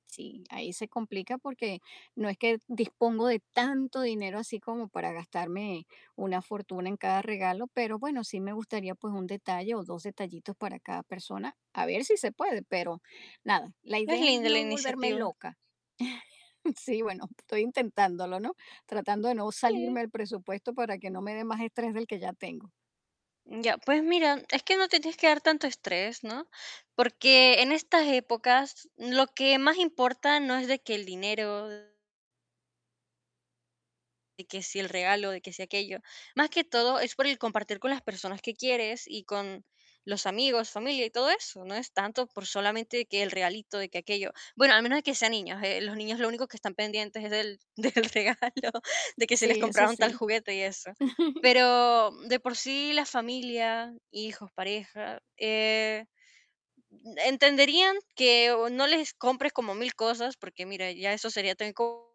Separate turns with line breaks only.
Sí, ahí se complica porque no es que dispongo de tanto dinero así como para gastarme una fortuna en cada regalo, pero bueno, sí me gustaría, pues un detalle o 2 detallitos para cada persona, a ver si se puede, pero nada, la
Es
idea es
linda la
no volverme
iniciativa.
loca. Sí, bueno, estoy intentándolo, ¿no? Tratando de no salirme
Sí.
del presupuesto para que no me dé más estrés del que ya tengo.
Ya, pues mira, es que no te tienes que dar tanto estrés, ¿no? Porque en estas épocas lo que más importa no es de que el dinero de que si el regalo, de que si aquello. Más que todo es por el compartir con las personas que quieres y con los amigos, familia y todo eso, no es tanto por solamente que el regalito, de que aquello. Bueno, al menos de que sean niños, eh, los niños lo único que están pendientes es del del regalo, de que si les
Sí, eso
compraron tal
sí.
juguete y eso. Pero de por sí la familia, hijos, pareja, eh, entenderían que o no les compres como mil cosas, porque mira, ya eso sería también co